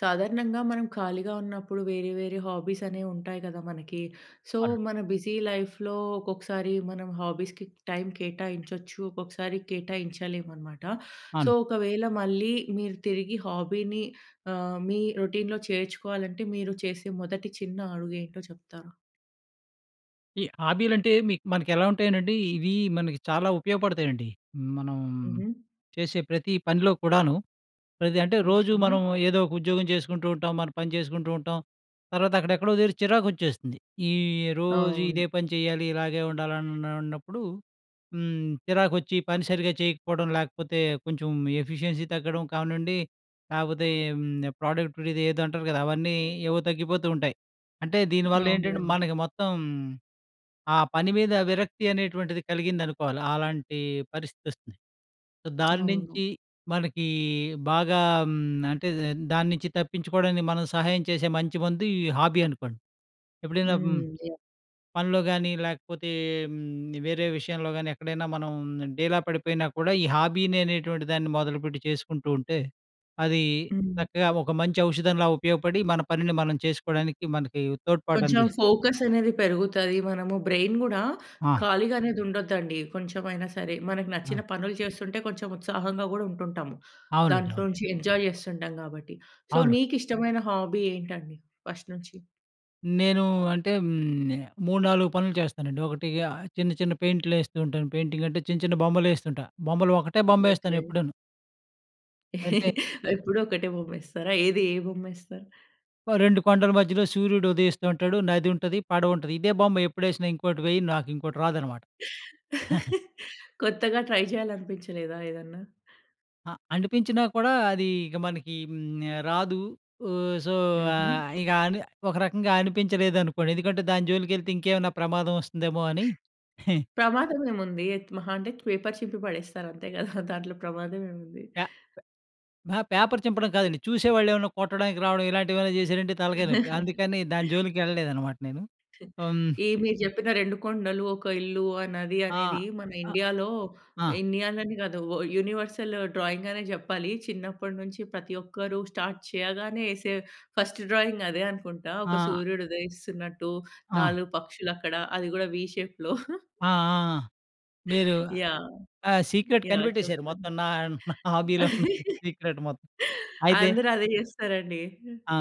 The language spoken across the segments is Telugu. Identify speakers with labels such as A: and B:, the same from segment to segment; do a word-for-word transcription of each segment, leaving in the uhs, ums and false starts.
A: సాధారణంగా, మనం ఖాళీగా ఉన్నప్పుడు వేరే వేరే హాబీస్ అనేవి ఉంటాయి కదా మనకి. సో,
B: అవునండి.
A: మన బిజీ లైఫ్‌లో, ఒక్కొక్కసారి మనం హాబీస్‌కి టైమ్ కేటాయించొచ్చు. ఒక్కొక్కసారి కేటాయించలేము అనమాట. సో,
B: అవును.
A: ఒకవేళ మళ్ళీ మీరు తిరిగి హాబీని ఆహ్, మీ రొటీన్‌లో చేర్చుకోవాలంటే, మీరు చేసే మొదటి చిన్న అడుగు ఏంటో చెప్తారా?
B: ఈ హాబీలు అంటే, మీ మనకు ఎలా ఉంటాయనండి, ఇవి మనకి చాలా ఉపయోగపడతాయండి. మనం,
A: హుహు.
B: చేసే ప్రతి పనిలో కూడాను. ప్రతి అంటే రోజు
A: ఓకె.
B: మనం ఏదో ఒక ఉద్యోగం చేసుకుంటూ ఉంటాం, మనం పని చేసుకుంటూ ఉంటాం. తర్వాత అక్కడ ఎక్కడో దగ్గర చిరాకు వచ్చేస్తుంది. ఈ రోజు
A: అవును.
B: ఇదే పని చేయాలి, ఇలాగే ఉండాలి. అన్ అన్నప్పుడు హ్మ్, చిరాకు వచ్చి పని సరిగ్గా చేయకపోవడం, లేకపోతే కొంచెం ఎఫిషియన్సీ తగ్గడం కావనండి, లేకపోతే హ్మ్, ప్రొడక్టివిటీ ఇపుడు ఇదేదో అంటారు కదా! అవన్నీ ఏవో తగ్గిపోతూ ఉంటాయి. అంటే దీనివల్ల ఏంటంటే,
A: అవునండి.
B: మనకి మొత్తం ఆ పని మీద విరక్తి అనేటువంటిది కలిగిందనుకోవాలి. ఆలాంటి పరిస్థితి వస్తుంది. సో, దాని
A: అవును.
B: నుంచి మనకి బాగా హ్మ్, అంటే దాని నుంచి తప్పించుకోవడానికి, మనం సహాయం చేసే మంచి మందు, ఈ హాబీ అనుకోండి. ఎప్పుడైనా హ్మ్,
A: హ్మ్. యాహ్!
B: పనిలో కాని లేకపోతే, వేరే విషయంలో గాని, ఎక్కడైనా మనం డీలా పడిపోయినా కూడా, ఈ హాబీని అనేటువంటి దాన్ని మొదలుపెట్టి చేసుకుంటూ ఉంటే, అది
A: హ్మ్.
B: చక్కగా ఒక మంచి ఔషధంలా ఉపయోగపడి, మన పనిని మనం చేసుకోవడానికి మనకి తోడ్పాటు
A: కొంచెం
B: అందిస్తుంది.
A: ఫోకస్ అనేది పెరుగుతది. మనము బ్రెయిన్ కూడా,
B: ఆ!
A: ఖాళీగనేది ఉండద్దండి. కొంచెమైనా సరే, మనకు
B: హ్మ్.
A: నచ్చిన పనులు చేస్తుంటే, కొంచెం ఉత్సాహంగా కూడా ఉంటుంటాము.
B: అవునండి.
A: దాంట్లో
B: అవును.
A: నుంచి ఎంజాయ్ చేస్తుంటాం కాబట్టి. సో,
B: అవును.
A: మీకు ఇష్టమైన హాబీ ఏంటండి ఫస్ట్ నుంచి?
B: నేను అంటే హ్మ్. మూడు నాలుగు పనులు చేస్తానండి. ఒకటి చిన్న, చిన్న పెయింట్లు ఏస్తుంటాను. పెయింటింగ్ అంటే, చిన్న, చిన్న బొమ్మలు వేస్తుంటా. బొమ్మలు ఒకటే బొమ్మ వేస్తాను
A: ఓకే.
B: ఎప్పుడూను. అంటే
A: ఎప్పుడూ ఒకటే బొమ్మేస్తారా? ఏది ఏ బొమ్మ ఏస్తారు?
B: రెండు కొండల మధ్యలో సూర్యుడు ఉదయిస్తూ ఉంటాడు. నది ఉంటది. పడవ ఉంటది. ఇదే బొమ్మ ఎప్పుడేసినా ఇంకోటి వేయను, నాకు ఇంకోటి రాదనమాట. హహ.
A: కొత్తగా ట్రై చేయాలి అనిపించలేదా ఏదన్నా?
B: అ అనిపించినా కూడా అది ఇగ మనకి హ్మ్. రాదు. ఓహ్! సో, ఆ!
A: హుహు.
B: ఇక అని ఒక రకంగా అనిపించలేదనుకోండి ఎందుకంటే, దాని జోలికి వెళ్తే ఇంకేమన్నా ప్రమాదం వస్తుందేమో అని. హె...
A: ప్రమాదం ఏముంది. మహా అంటే పేపర్ చింపి పడేస్తారు అంతే కదా! దాంట్లో ప్రమాదం ఏముంది?
B: పే ప అహా! పేపర్ చింపడం కాదండి. చూసే వాళ్ళు ఏమన్నా కొట్టడానికి రావడం ఇలాంటి ఏమైనా చేశారంటే తలకాయ నొప్పి. అందుకని దాని జోలికి వెళ్ళలేదనమాట నేను. హ్మ్.
A: ఈ మీరు చెప్పిన రెండు కొండలు, ఒక ఇల్లు, ఆ నది,
B: ఆ!
A: అనేది మన
B: ఆహ్,
A: ఇండియాలో,
B: ఆ!
A: ఇండియాలోనే కాదు ఓహ్! యూనివర్సలు డ్రాయింగ్ అనే చెప్పాలి. చిన్నప్పటినుంచి ప్రతి ఒక్కరూ స్టార్ట్ చేయగానే ఏసే ఫస్ట్ డ్రాయింగ్ అదే అనుకుంటా. ఒక
B: ఆ!
A: సూర్యుడు ఉదయిస్తున్నట్టు,
B: ఆ!
A: నాలుగు పక్షులు అక్కడ అది కూడా వి షేప్‌లో.
B: ఆ! ఆ! ఆ! మీరు
A: యాహ్!
B: ఆ! Secret
A: yeah!
B: కనిపెట్టేసారు
A: చెప్పండి.
B: మొత్తం. నా నా హాబీలో ఉన్న సీక్రెట్ మొత్తం. అయితే...
A: అందరూ అదే చేస్తారండి.
B: ఆ!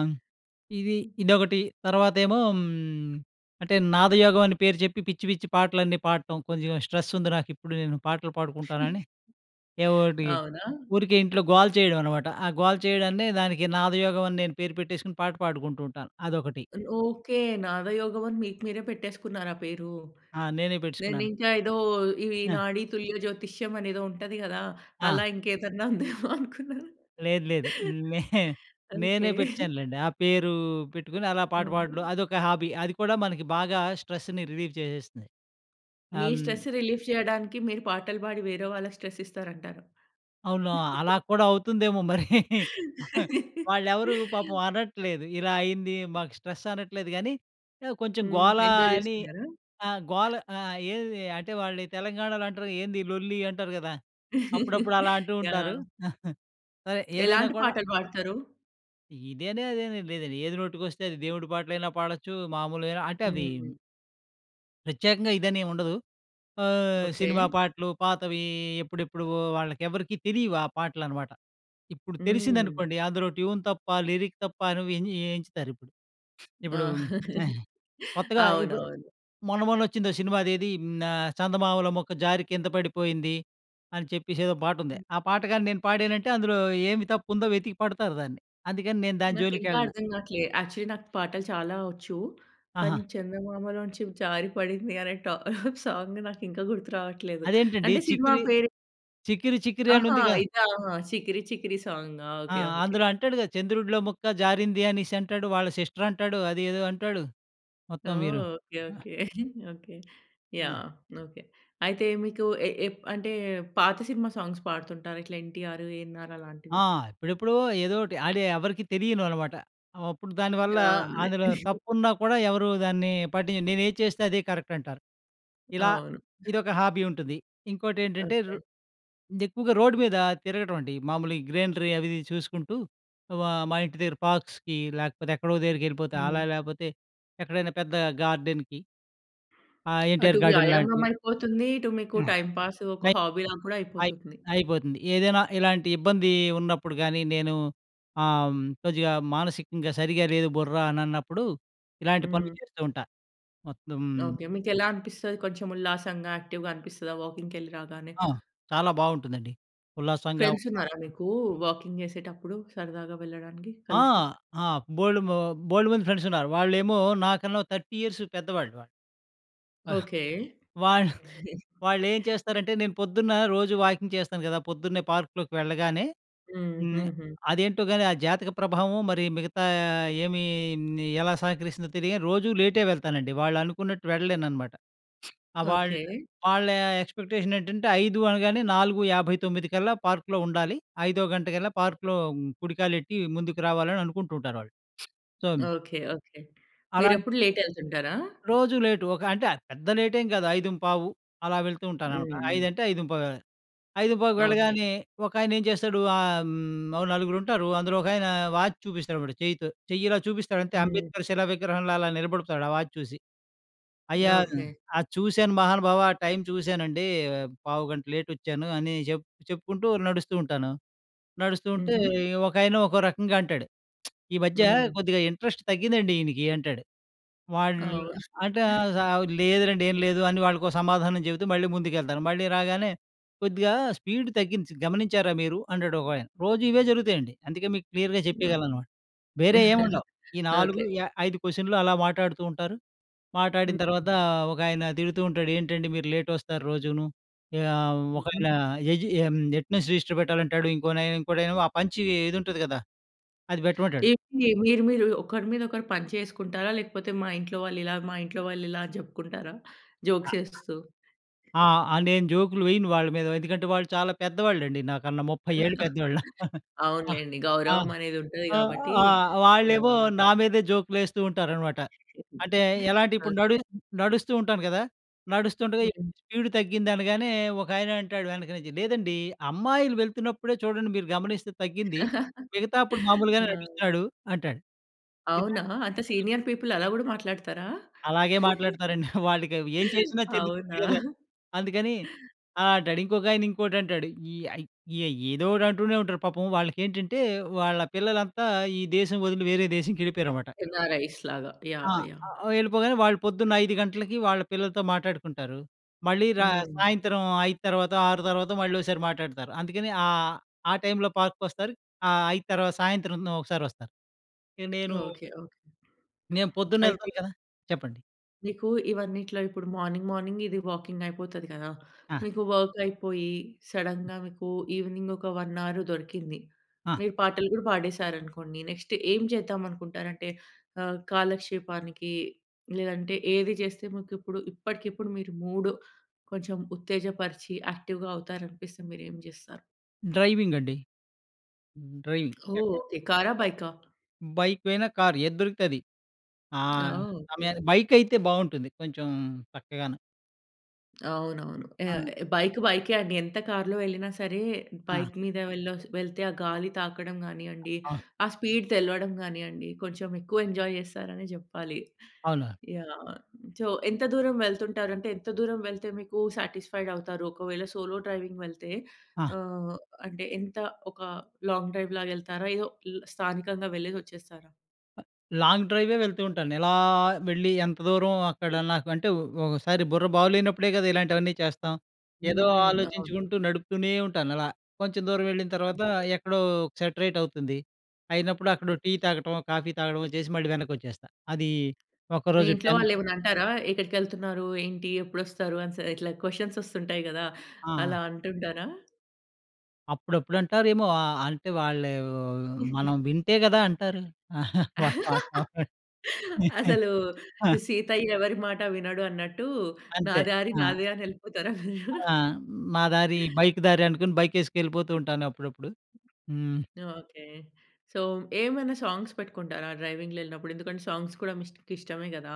B: ఇది ఇదొకటి. తర్వాతేమో అంటే నాదయోగం అని పేరు చెప్పి పిచ్చి, పిచ్చి పాటలన్నీ పాడటం. కొంచెం స్ట్రెస్ ఉంది నాకు ఇప్పుడు నేను పాటలు పాడుకుంటానని. ఎవోటి.
A: అవునా!
B: ఊరికే ఇంట్లో గోల చేయడం అనమాట. ఆ గోల చేయడాన్ని దానికి నాదయోగం అని నేను పేరు పెట్టేసుకొని పాట పాడుకుంటూ ఉంటాను. అదొకటి.
A: ఓకే. నాదయోగం అని మీకు మీరే పెట్టేసుకున్నారా పేరు.
B: ఆ! నేనే
A: నేను
B: పెట్టుసుకున్నాను.
A: ఇంకా ఏదో ఈ
B: ఆ!
A: నాడి తుల్యజ్యోతిష్యం అని ఏదో ఉంటది కదా!
B: ఆ!
A: అలా ఇంకేదన్నా ఉందేమో అనుకున్నాను.
B: లేదు, లేదు. నే
A: ఓకే.
B: నేనే పెట్టేసానులెండి. ఆ పేరు పెట్టుకుని అలా పాట పాడడం
A: హుహు.
B: అదొక హాబీ. అది కూడా మనకి బాగా స్ట్రెస్‌ని రిలీఫ్ చేసేస్తుంది.
A: మీ
B: హ్మ్.
A: స్ట్రెస్ రిలీఫ్ చేయడానికి మీరు పాటలు పాడి వేరే వాళ్ళకి స్ట్రెస్ ఇస్తారు అంటారు.
B: అవునా! అలా కూడా అవుతుందేమో మరి. వాళ్ళు ఎవరూ పాపం అనట్లేదు. ఇలా అయింది, మాకు స్ట్రెస్ అనట్లేదు కానీ, ఆ కొంచెం
A: హ్మ్.
B: గోల
A: ఎంజాయ్
B: అని
A: చేస్తున్నారా?
B: ఆ! గోల ఆ! ఏది అంటే వాళ్ళు తెలంగాణలో అంటరు. ఏంది ఈ లొల్లి అంటారు కదా! అప్పుడప్పుడు అలా అంటూ ఉంటారు.
A: యాహ్!
B: సరే ఏదైనా
A: ఎలాంటి
B: కూడా.
A: పాటలు పాడుతారు?
B: ఇదనీ అదనీ ఏం లేదండి ఏది నోటికొస్తే అది దేవుడి పాటలైనా పాడొచ్చు, మామూలుగైనా అంటే అది
A: హ్మ్.
B: ప్రత్యేకంగా ఇదని ఏం ఉండదు. ఆహ్,
A: ఓకే.
B: సినిమా పాటలు, పాతవి ఎప్పుడెప్పువో వాళ్ళకి ఎవరికీ తెలియవు ఆ పాటలు అన్నమాట. ఇప్పుడు
A: హ్మ్.
B: తెలిసిందనుకోండి, అందులో ట్యూన్ తప్పా, లిరిక్ తప్పా నువ్వు అని ఎంచుతారిప్పుడు. ఇప్పుడు
A: ఆ!
B: ఆహ్, కొత్తగా ఇప్పుడు
A: అవునవును.
B: మొన్న‌, మొన్న వచ్చిందో సినిమా అదేది ఆహ్, 'చందమామలొ ముక్క జారి కింద పడిపోయింది' అని చెప్పేసి ఏదో పాట ఉంది. ఆ పాట కాని నేను పాడానంటే అందులో ఏమి తప్పుందో వెతికి పడతారు దాన్ని. అందుకని నేను దాని
A: నాకు ఇంకా
B: జోలికెళ్ళను.
A: అర్థం కావట్లే. యాక్చువల్లి, నాకు పాటలు చాలా వచ్చు. కానీ
B: ఆహా!
A: చందమామలొంచి జారి పడింది అనే ట సాంగు నాకు ఇంకా గుర్తు రావట్లేదు.
B: అదేంటండి?
A: అంటే సినిమా
B: చిక్కిరి,
A: పేరు.
B: చిక్కిరి చిక్కిరి
A: ఆహా!
B: అనుందిగా?
A: ఇదా! 'చికిరి చికిరి' సాంగా!
B: ఆ!
A: ఓకే. ఓకే.
B: అందులో అంటాడు కదా చంద్రుడిలో ముక్క జారింది అనేసి అంటాడు. వాళ్ళ సిస్టర్ అంటాడు. అదేదో అంటాడు. మొత్తం
A: ఓహ్!
B: మీరు
A: ఓకే.
B: ఆహ్.
A: ఓకే. ఓకే.
B: ఆ!
A: యాహ్! ఓకే. అయితే మీకు ఎ ఎప్ అంటే పాత సినిమా సాంగ్స్ పాడుతుంటారా, ఇట్లా ఎన్టీయార్, ఎఎన్ఆర్
B: ఆ!
A: అలాంటివి?
B: ఇప్పుడెప్పుడో ఏదోటి అది ఎవరికీ తెలియనివి అన్నమాట. అప్పుడు దానివల్ల
A: ఆ! అదే.
B: అందులో తప్పున్నా కూడా ఎవరు దాన్ని పట్టిం నేను ఏది చేస్తే అదే కరెక్ట్ అంటారు. ఇలా
A: అవును.
B: ఇదొక హాబీ ఉంటుంది. ఇంకోటి ఏంటంటే రొ
A: ఓకే.
B: ఎక్కువగా రోడ్డు మీద తిరగటం అండి. మామూలుగా గ్రీనరి అవి ఇవి చూసుకుంటూ ఆహ్, మా ఇంటి దగ్గర పార్క్స్‌కి లేకపోతే ఎక్కడో దగ్గరికి వెళ్ళిపోతా.
A: హ్మ్.
B: అలా లేపోతే, ఎక్కడైనా పెద్ద గార్డెన్‍కి. ఆహ్
A: అటు
B: ఎన్‍టీఆర్ గార్డెన్
A: వ్యాయామం
B: లాంటివి.
A: అయిపోతుంది. ఇటు మీకు
B: ఆహ్,
A: టైంపాసు, ఒక
B: అయి
A: హాబీలా కూడా
B: అయి
A: అయిపోతుంది.
B: అయిపోతుంది. ఏదైనా ఇలాంటి ఇబ్బంది ఉన్నప్పుడు గానీ నేను ఆ! హ్మ్, కొద్దిగా మానసికంగా సరిగ్గా లేదు బుర్ర అనన్నప్పుడు, ఇలాంటి పనులు
A: హ్మ్.
B: చేస్తూ ఉంటా, మొత్తం.
A: ఓకే. మీకు ఎలా అనిపిస్తది? కొంచెం ఉల్లాసంగా, యాక్టివ్‌గా అనిపిస్తదా వాకింగ్‌కెళ్లి రాగానే?
B: ఆ! చాలా బాగుంటుందండి. ఉల్లాసంగా,
A: ఫ్రెండ్స్ ఉన్నారా
B: ఉత్సాహంగా.
A: మీకు వాకింగ్ చేసేటప్పుడు సరదాగా వెళ్ళడానికి
B: ఆ!
A: కలిసి?
B: ఆహ్ బోలెడు బోలెడుమంది ఫ్రెండ్స్ ఉన్నారు. వాళ్ళేమో నాకన్నా ఓ థర్టీ ఇయర్స్ పెద్దవాళ్ళు వాళ్ళు. ఆహ్,
A: ఓకే.
B: వాళ్ళు వాళ్ళు ఏం చేస్తారంటే, నేను పొద్దున్న రోజు వాకింగ్ చేస్తాను కదా, పొద్దున్నే పార్క్‌లోకి వెళ్ళగానే.
A: హ్మ్.
B: హ్మ్,
A: హ్మ్. హ్మ్.
B: అదేంటో గాని ఆ జాతక ప్రభావమో, మరి మిగతా ఏమి ఎలా సహకరిస్తుందో తెలియని రోజు లేటే వెళ్తానండి. వాళ్ళు అనుకున్నట్టు వెళ్ళలేను అన్నమాట. వాళ్ళ
A: ఓకే.
B: వాళ్ళ ఎక్స్‌పెక్టె‌ష‌న్ ఏంటంటే ఐదు అనగానే నాలుగు యాభై తొమ్మిది కల్లా పార్క్‌లో ఉండాలి. ఐదో గంట కల్లా పార్క్‌లో కుడికాలెట్టి ముందుకు రావాలని అనుకుంటూ ఉంటారు వాళ్ళు. So
A: okay. ఓకే.
B: అలాంటి
A: మీరెప్పుడు లేట్ ఎళ్తుంటారా?
B: రోజు లేటు. ఒక అంటే పెద్ద లేటేం కాదు, ఐదుంపావు అలా వెళ్తూ
A: హ్మ్.
B: ఉంటానన్నమాట.
A: హ్మ్.
B: ఐదంటే ఐదుంపావు ఆహ్,
A: ఓకే.
B: ఐదుంపావుకెళ్ళగానే ఒకాయన ఏం చేస్తాడు? ఆహ్, హ్మ్ ఓ నలుగురు ఉంటారు. అందులో ఒకాయన వాచ్ చూపిస్తాడన్నమాట చెయ్యితో. చెయ్యి ఇలా చూపిస్తాడంతే,
A: హ్మ్.
B: 'అంబేద్కర్' శిలా విగ్రహంలో అలా నిలబడతాడు. ఆ వాచ్ చూసి. "అయ్యా!
A: ఓకే.
B: అది చూశాను మహానుభావా! ఆ టైమ్ చూశానండి. పావుగంట లేట్ వచ్చాను" అని చెప్ చెప్పుకుంటూ నడుస్తూ ఉంటాను. నడుస్తుంటే
A: హుహు.
B: ఒకాయన ఒకో రకంగా అంటాడు, "ఈ మధ్య
A: హ్మ్.
B: కొద్దిగా ఇంట్రెస్ట్ తగ్గిందండి ఈయనకి" అంటాడు. వాడు
A: అవును.
B: అంటే, "లేదులెండి, ఏం లేదు" అని వాళ్ళకి సమాధానం చెబుతూ మళ్ళీ ముందుకెళ్తాను. మళ్ళీ రాగానే, "కొద్దిగా స్పీడ్ తగ్గింది గమనించారా మీరు?" అంటాడు ఒకాయన. రోజు ఇవే జరుగుతాయండి. అందుకే, మీకు క్లియర్‌గా
A: ఓహ్.
B: చెప్పేయగలను అన్నమాట. వేరే ఏం ఉండవు. ఈ నాలుగు
A: ఓకే.
B: ఐదు క్వశ్చన్లు అలా మాట్లాడుతూ ఉంటారు. మాట్లాడిన తర్వాత
A: హ్మ్.
B: ఒకాయన తిడుతూ ఉంటాడు. ఏంటండి? మీరు లేట్ వస్తారు రోజూనూ. ఆహ్
A: హ్మ్.
B: ఒకాయన ఎటు అటెండెన్స్ రిజిస్టర్ పెట్టాలంటాడు. ఇంకో ఇంకోడేమో ఆ పంచ్ ఇది ఉంటది కదా! అది పెట్టమంటాడు.
A: ఏంటి? మీరు మీరు ఒకరి మీద ఒకరు పంచులేసుకుంటారా? లేకపోతే, మా ఇంట్లో వాళ్ళు ఇలా, మా ఇంట్లో వాళ్ళు ఇలా అని చెప్పుకుంటారా? జోక్స్ ఏస్తూ?
B: ఆహ్, నేను జోకులు వేయను వాళ్ళ మీద. ఎందుకంటే వాళ్ళు చాలా పెద్దవాళ్ళండి నాకన్నా ముప్పై ఏళ్ళు పెద్దోళ్ళు. ఆహ్,
A: అవునులెండి.
B: ఆహ్,
A: గౌరవమనేది ఉంటది
B: ఆహ్,
A: కాబట్టి
B: ఆహ్, వాళ్ళేమో
A: యాహ్!
B: నా మీదే జోకులు వేస్తూ ఉంటారన్నమాట. అంటే ఎలా అంటే ఇప్పుడు నడు
A: ఓకే.
B: నడుస్తూ ఉంటాను కదా! నడుస్తుండగా
A: హ్మ్.
B: స్పీడ్ తగ్గింది అనగానే, ఒకాయన అంటాడు వెనక నుంచి, "లేదండి అమ్మాయిలు వెళ్తున్నప్పుడే చూడండి మీరు గమనిస్తే తగ్గింది, మిగతా అప్పుడు మామూలుగానే
A: ఆ!
B: నడుస్తున్నాడు" అంటాడు. ఇలా
A: అవునా! అంత సీనియర్ పీపుల్ అలా కూడా మాట్లాడతారా?
B: అలాగే మాట్లాడతారండి. వాళ్ళకి ఏం చేసినా చెందుతుంది
A: అవునా!
B: కదా! అందుకని ఆహ్, అంటాడు. ఇంకొకాయన ఇంకోటి అంటాడు. ఇ ఏదో ఒకటి అంటూనే ఉంటారు. పాపం వాళ్ళకి ఏంటంటే వాళ్ళ పిల్లలంతా ఈ దేశం వదిలి వేరే దేశంకెళ్ళిపోయారు అన్నమాట.
A: ఎన్ఆర్ఐస్ లాగ.
B: ఆ!
A: యాహ్! యాహ్!
B: వెళ్ళిపోగానే వాళ్ళు పొద్దున్న ఐదు గంటలకి వాళ్ళ పిల్లలతో మాట్లాడుకుంటారు. మళ్ళీ రా
A: హ్మ్.
B: సాయంత్రం ఐదు తర్వాత ఆరు తర్వాత మళ్ళీ ఒసారి మాట్లాడతారు. అందుకని ఆ టైమ్‌లో పార్క్‌కి వస్తారు. ఆ ఐదు తర్వాత సాయంత్రం ఒకసారి వస్తారు. నేను
A: ఓకే. ఓకే.
B: నేను పొద్దున్నే
A: అయితే
B: వెళ్తాను కదా! చెప్పండి.
A: మీకు ఇవన్నిట్లో ఇప్పుడు మార్నింగ్, మార్నింగ్ మీది వాకింగ్ అయిపోతది కదా!
B: ఆ!
A: మీకు వర్క్ అయిపోయి, సడన్‍గా మీకు ఈవెనింగ్ ఒక వన్ అవర్ దొరికింది.
B: ఆ!
A: మీరు పాటలు కూడా పాడేశారనుకోండి. నెక్స్ట్ ఏం చేద్దామనుకుంటారంటే ఆహ్, కాలక్షేపానికి లేదంటే ఏది చేస్తే మీకు ఇప్పుడు ఇప్పటికిప్పుడు మీరు మూడు కొంచెం ఉత్తేజపరిచి, యాక్టివ్‍గా అవుతారనిపిస్తే మీరు ఏం చేస్తారు?
B: డ్రైవింగ్ అండి. హ్మ్ డ్రైవింగ్.
A: ఓహ్!
B: ఆ!
A: ఓకె. కారా? బైకా?
B: బైక్ పోయినా కార్ ఏది దొరికితే అది. ఆహ్
A: ఓహ్! ఓకె.
B: సమయానికి. బైక్ అయితే బాగుంటుంది కొంచెం చక్కగాను.
A: అవునవును.
B: ఆ!
A: ఆహ్, బైక్, బైకే అండి. ఎంత కార్‌లో వెళ్ళినా సరే,
B: ఆ!
A: బైక్ మీద వెళ్ళొస్ వెళ్తే ఆ గాలి తాకడం గానియండి,
B: ఆ!
A: ఆ స్పీడ్ తెలవడం గానియండి, కొంచెం ఎక్కువ ఎంజాయ్ చేస్తారనే చెప్పాలి.
B: అవును.
A: యాహ్! సో, ఎంత దూరం వెళ్తుంటారంటే ఎంత దూరం వెళ్తే మీకు సాటిస్ఫైడ్ అవుతారు? ఒకవేళ సోలో డ్రైవింగ్ వెళ్తే,
B: ఆ!
A: ఆహ్, అంటే ఎంత ఒక లాంగ్ డ్రైవ్ లాగా వెళ్తారా? ఏదో ల్ స్థానికంగా వెళ్ళేసి వచ్చేస్తారా?
B: లాంగ్ డ్రైవే వెళ్తూ ఉంటాను. ఇలా, వెళ్ళి ఎంత దూరం అక్కడ నాకు అంటే ఒ ఒకసారి బుర్ర బాగు లేనప్పుడే కదా! ఇలాంటివన్నీ చేస్తాం. ఏదో
A: హ్మ్. అవును.
B: ఆలోచించుకుంటూ నడుపుతూనే ఉంటానలా. కొంచెం దూరం వెళ్ళిన తర్వాత
A: అంతే.
B: ఎక్కడో సెట్రైట్ అవుతుంది. అయినప్పుడు అక్కడ టీ తాగడమో, కాఫీ తాగడమో చేసి మళ్ళీ వెనక్కి వచ్చేస్తా. అది
A: మీ
B: ఒకరోజు
A: ఇంట్లో
B: టెన్
A: వాళ్ళు ఏమైనా అంటారా? ఎక్కడికి వెళ్తున్నారు? ఏంటి? ఎప్పుడు వస్తారు? అనస్ ఇట్లా క్వెషన్స్ వస్తుంటాయి కదా,
B: ఆ!
A: అలా అంటుంటరా?
B: అప్పుడప్పుడు అంటారేమో? ఆహ్, అంటే వాళ్ళే మనం వింటే గదా అంటారు. అవునండి.
A: అసలు, సీతయ్య ఎవరి మాట వినడు అన్నట్టు, "నా
B: అంతే.
A: దారి
B: ఆ!
A: నాదే" అని ఎళ్ళిపోతారా మీరు?
B: ఆ! మా దారి బైక్ దారి అనుకుని, బైక్ ఎసుకెళ్ళిపోతూ ఉంటాను అప్పుడప్పుడు. హ్మ్.
A: ఓకె. సో, ఏమన్నా సాంగ్స్ పెట్టుకుంటారా, డ్రైవింగ్‌లో ఎళ్ళినప్పుడు? ఎందుకంటే, సాంగ్స్ కూడా మీకు ఇష్ట ఇష్టమే కదా!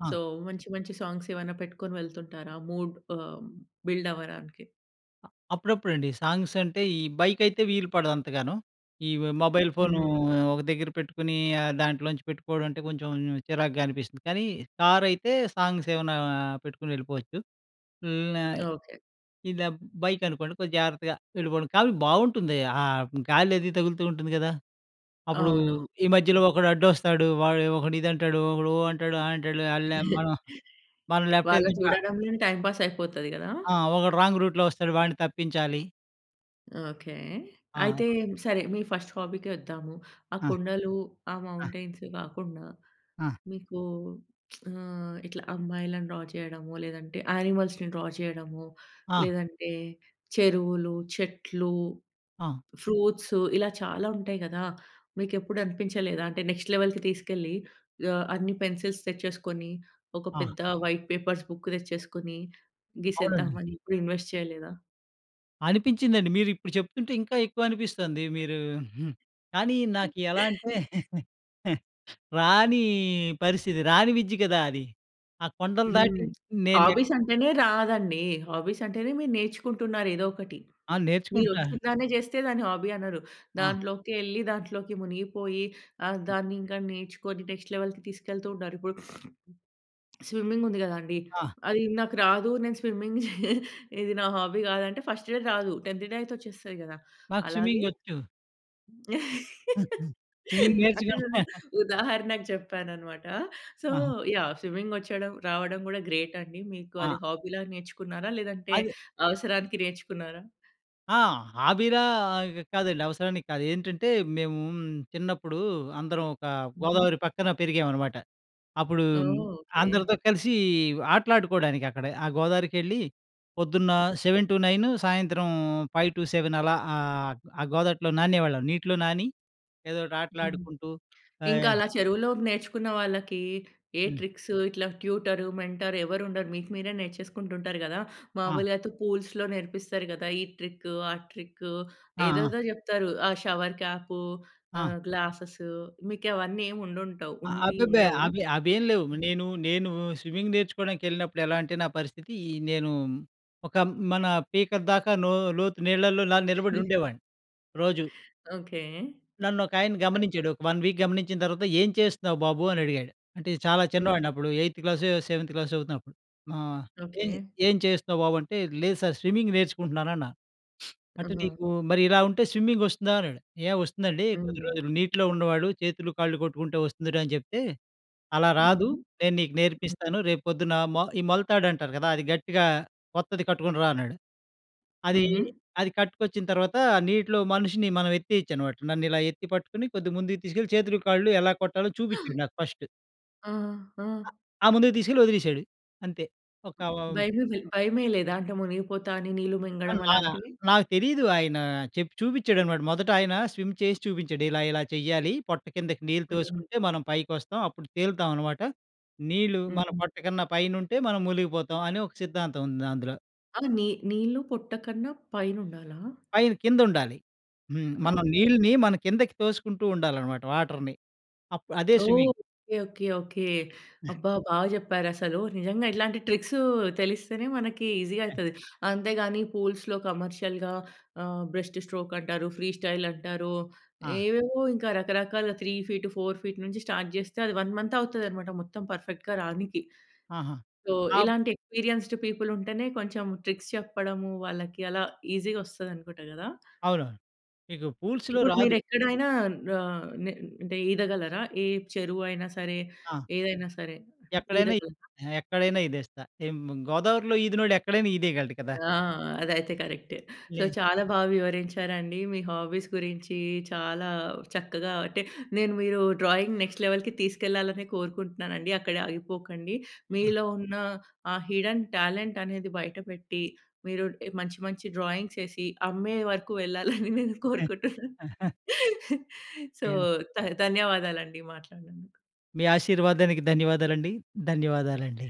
B: ఆ!
A: సో, మంచి, మంచి సాంగ్స్ ఏమైనా పెట్టుకొని వెళ్తుంటారా? మూడ్ ఆహ్, బిల్డ్ అవ్వడానికి.
B: అ అప్పుడప్పుడండి. సాంగ్స్ అంటే, ఈ బైక్ అయితే వీలుపడదు అంతగాను. ఈ మొబైల్ ఫోను
A: హ్మ్.
B: ఒక దగ్గర పెట్టుకొని, ఆ దాంట్లోంచి పెట్టుకోవడం అంటే, కొంచెం చిరాగ్గా అనిపిస్తుంది. కానీ, కార్ అయితే సాంగ్స్ ఏమన్నా పెట్టుకొని ఎళ్ళిపోవచ్చు. ఇలానే,
A: ఓకె.
B: ఇదే బైక్ అనుకోండి కొంచెం జాగ్రత్తగా ఎళ్ళిపోవండం. కాని, బాగుంటుంది. ఆ గాలి అది తగులుతూ ఉంటుంది గదా! అప్పుడు,
A: అవునవును.
B: ఈ మధ్యలో ఒకడు అడ్డొస్తాడు. వాడు ఒకడు ఇది అంటాడు. ఒకడు ఓహ్! అంటాడు. ఆ అంటాడు. అల్లే మనం. మనం లెఫ్ట్
A: వాళ్ళని
B: వెళ్తుంటా
A: చూడటంలోనే, టైమ్ పాస్ అయిపోతది గదా!
B: ఆ! ఒకడు రాంగ్ రూట్‌లో వస్తాడు వాడ్ని తప్పించాలి.
A: ఓకె.
B: ఆ!
A: అయితే సరే, మీ ఫస్ట్ హాబీ‌‌కే వద్దాము. ఆ
B: ఆ!
A: కొండలు, ఆ
B: ఆ!
A: మౌంటైన్స్ గాకుండా
B: ఆ!
A: మీకు ఆహ్, ఇట్లా అమ్మాయిలను డ్రా చేయడము, లేదంటే యానిమల్స్‌ని డ్రా చేయడము,
B: ఆ!
A: లేదంటే చెరువులు, చెట్లు,
B: ఆ!
A: ఫ్రూట్సు, ఇలా చాలా ఉంటాయి గదా. మీకు ఎప్పుడు అనిపించలేదా? అంటే, నెక్స్ట్ లెవెల్‌కి తీసుకెళ్ళి. ఆహ్, అన్ని పెన్సిల్స్ తెచ్చేసుకొని. ఒక
B: ఆ!
A: పెద్ద వైట్ పేపర్స్ బుక్ తెచ్చేసుకొని
B: అవునండి.
A: గీసేద్దామని. ఎప్పుడు ఇన్వెస్ట్ చేయలేదా?
B: అనిపించిందండి. మీరిప్పుడు చెప్తుంటే ఇంకా ఎక్కువనిపిస్తోంది. మీరూ, హ్మ్. కానీ నాకు ఎలా అంటే రానీ పరిస్థితి. రాని విద్య కదా అది. ఆ కొండలు దాటి
A: హ్మ్.
B: నేను
A: హాబీస్ అంటేనే రాదండీ! హాబీస్ అంటేనే మీరు నేర్చుకుంటున్నారు ఏదోకటి.
B: ఆ!
A: మీరు
B: నేర్చుకుంటా.
A: వచ్చినదాన్నే చేస్తే దాన్ని హాబీ అనరు.
B: ఆ!
A: దాంట్లోకెళ్ళి, దాంట్లోకి మునిగిపోయి ఆహ్, దాన్ని ఇంకా నేర్చుకొని నెక్స్ట్ లెవెల్‌కి తీసుకెళ్తూ ఉన్నారు. ఇప్పుడు స్విమ్మింగ్ ఉంది కదా అండీ,
B: ఆ!
A: అది నాకు రాదు నేను స్విమ్మింగ్ చెయ ఇది నా హాబీ కాదంటే ఫస్ట్ డే రాదు. టెన్త్ డే అయితే వచ్చేస్తది కదా.
B: నాకు
A: అలాగే
B: స్విమ్మింగ్ వచ్చు. స్విమ్మింగ్ నేర్చుకొని
A: అంటే నేను ఉదాహరణకు చెప్పాననమాట. సో
B: ఆహా!
A: యాహ్! స్విమ్మింగ్ వచ్చడం రావడం గూడా గ్రేట్ అండి. మీకు
B: ఆ!
A: అది హాబీలా నేర్చుకున్నారా? లేదంటే
B: అది
A: అవసరానికి నేర్చుకున్నారా?
B: ఆ! హాబీలా కాదండి. అవసరానికి కాదు. ఏంటంటే మేమూ, చిన్నప్పుడు అందరం ఒక
A: హుహు.
B: గోదావరి పక్కన పెరిగామనమాట. అప్పుడు
A: ఓహ్! ఓకె.
B: అందరితో కలిసీ ఆటలాడుకోవడానికి అక్కడ. ఆ గోదావరికెళ్ళి పొద్దున్న, సెవెన్ టు నైన్ సాయంత్రం ఫైవ్ టు సెవెన్ అలా ఆహ్, ఆ గోదావరిలో నానేవాళ్ళం. నీటిలో నాని ఏదోకటి ఆటలాడుకుంటూ
A: ఇంకా
B: ఆహ్
A: అలా చెరువులో నేర్చుకున్న వాళ్ళకీ ఏ
B: హ్మ్.
A: ట్రిక్స్ ఇట్లా ట్యూటరు, మెంటర్ ఎవ్వరుండరు. మీకు మీరే నేర్చేసుకుంటూ ఉంటారు గదా!
B: ఆ!
A: మామూలుగా అయితే పూల్స్‌లో నేర్పిస్తారు కదా! ఈ ట్రిక్ ఆ ట్రిక్
B: ఆ! ఆ!
A: ఏదేదో జెప్తారు. ఆ షవర్ క్యాపూ,
B: ఆ!
A: ఆహ్, గ్లాసెస్‌సూ మీకవన్నీ ఏముండుండవు ఉండి
B: అబ్బెబ్బె!
A: ఉండవు.
B: అవి అవేమి లేవు! నేను నేను స్విమ్మింగ్ నేర్చుకోవడానికెళ్ళినప్పుడు ఎలా అంటే నా పరిస్థితీ నేనూ ఒక మన పీకలదాకా నొ లోతు నీళ్లలో నాని నిలబడుండేవాడ్ని. రోజు.
A: ఓకె.
B: నన్ను ఒకాయన గమనించాడు. ఒక వన్ వీక్ గమనించిన తర్వాత "ఏం చేస్తున్నావు బాబు?" అని అడిగాడు. అంటే చాలా
A: హ్మ్.
B: చిన్నవాడినప్పుడు. ఎయిథ్ క్లాసో సెవెంత్ క్లాస్ చదువుతున్నప్పుడు. ఆహ్, "ఏం
A: ఓకె.
B: ఏం చేస్తున్నావు బాబు?" అంటే, లేదు సార్ స్విమ్మింగ్ నేర్చుకుంటున్నానన్నాను. "అంటే
A: ఆహా!
B: నీకు మరి ఇలా ఉంటే స్విమ్మింగ్ వస్తుందా?" అన్నాడు ఏ వస్తుందండి కొద్ది
A: హ్మ్.
B: రోజులు నీటిలో ఉండేవాడు చేతులు కాళ్ళు కొట్టుకుంటే వస్తుందిరా అని చెప్తే. "అలా రాదు,
A: హుహు.
B: నేను నీకు నేర్పిస్తాను, రేపు పొద్దున మొ ఈ మొలతాడంటారు కదా! అది గట్టిగా కొత్తది కట్టుకొని రా అన్నాడు." అదీ,
A: హుహు.
B: అది కట్టుకొచ్చిన తర్వాతా నీటిలో మనిషిని మనం ఎత్తేయొచ్చనమాట. నన్ను ఇలా ఎత్తి పట్టుకొని కొద్దిగా ముందుకు తీసుకెళ్ళి చేతులు కాళ్ళు ఎలా కొట్టాలో చూపించాడు నాకు ఫస్ట్.
A: ఆ! ఆ!
B: ఆ! ముందుకు తీసుకెళ్ళి వదిలేసాడు అంతే. ఒక హ్మ్.
A: భయమేదలె భయమేయలేదా? అంటే మునిగిపోతా అని నీళ్ళు
B: అ
A: మింగడం
B: నా
A: అలాంటివి?
B: నాకు తెలీదు, ఆయన చెప్పి చూపించాడనమాట. మొదట ఆయన స్విమ్ చేసి చూపించాడు. ఇలా, ఇలా చెయ్యాలి. పొట్ట కిందకి నీళ్ళు
A: హ్మ్.
B: తోసుకుంటే మనం పైకి వస్తాం. అప్పుడు తేలుతామనమాట. నీళ్లు మన
A: హ్మ్.
B: పొట్ట కన్నా పైనుంటే మనం మునిగిపోతాం, అని ఒక సిద్ధాంతం ఉంది అందులో.
A: ఆ! నీ నీళ్ళు పొట్ట కన్నా పైన ఉండాలా?
B: పైన కింద ఉండాలి. హ్మ్. మన
A: ఓకే.
B: నీళ్ళని మన కిందకి తోసుకుంటూ ఉండాలనమాట వాటర్‍ని. అప్ అదే
A: ఓహ్!
B: స్విమ్మింగ్.
A: ఓకే. ఓకే. ఓకే. అబ్బా! బాగా చెప్పారు అసలు. నిజంగా ఇలాంటి ట్రిక్సు తెలిస్తేనే మనకి ఈజీగా
B: హ్మ్.
A: అయతది. అంతేగాని, పూల్స్‌లో కమర్షియల్‌గా ఆహ్, బ్రెస్ట్ స్ట్రోక్ అంటారు, ఫ్రీ స్టైల్ అంటారు,
B: ఆ!
A: ఏవేవో ఇంకా రకరకాలుగా త్రీ ఫీట్, ఫోర్ ఫీట్ నుంచి స్టార్ట్ చేస్తే, అది వన్ మంత్ అవుతుందనమాట, మొత్తం పర్ఫెక్ట్‌గా రానికి.
B: ఆహా!
A: సో,
B: అప్
A: ఇలాంటి ఎక్స్పెరియన్స్‌డ్ పీపుల్ ఉంటేనే కొంచెం ట్రిక్స్ చెప్పడము, వాళ్ళకి అలా ఈజీగా వస్తది అనుకుంట కదా!
B: అవునవును. మీకు పూల్స్‌లో
A: ఇప్పుడు మీరు
B: రాదు.
A: ఎక్కడైనా న నే అంటే ఈదగలరా? ఏ చెరువు అయినా సరే,
B: ఆ!
A: ఏదైనా సరే
B: ఎక్కడైనా. ఈ
A: ఈదగలరా?
B: ఎక్కడైనా ఇదేస్తా. ఏం గోదావరిలో ఈదినోడు ఎక్కడైనా ఇదేయగలడు కదా!
A: ఆ! అదైతే కరెక్టే. సో,
B: లే
A: చాలా బాగా వివరించారండి. మీ హాబీస్ గురించి చాలా చక్కగా అంటే, నేను మీరు డ్రాయింగ్ నెక్స్ట్ లెవెల్‌కి తీసుకెళ్లాలనే కోరుకుంటున్నానండి. అక్కడే ఆగిపోకండి.
B: ఆ!
A: మీలో ఉన్న ఆ హిడెన్ టాలెంట్ అనేది బయటపెట్టి, మీరు మంచి మంచి డ్రాయింగ్స్ ఏసి అమ్మే వరకు వెళ్లాలని నేను
B: హ్మ్.
A: కోరుకుంటున్నాను. సో,
B: ఏ
A: ధ ధన్యవాదాలు అండి మాట్లాడినందుకు.
B: మీ ఆశీర్వాదానికి ధన్యవాదాలండి. ధన్యవాదాలండి.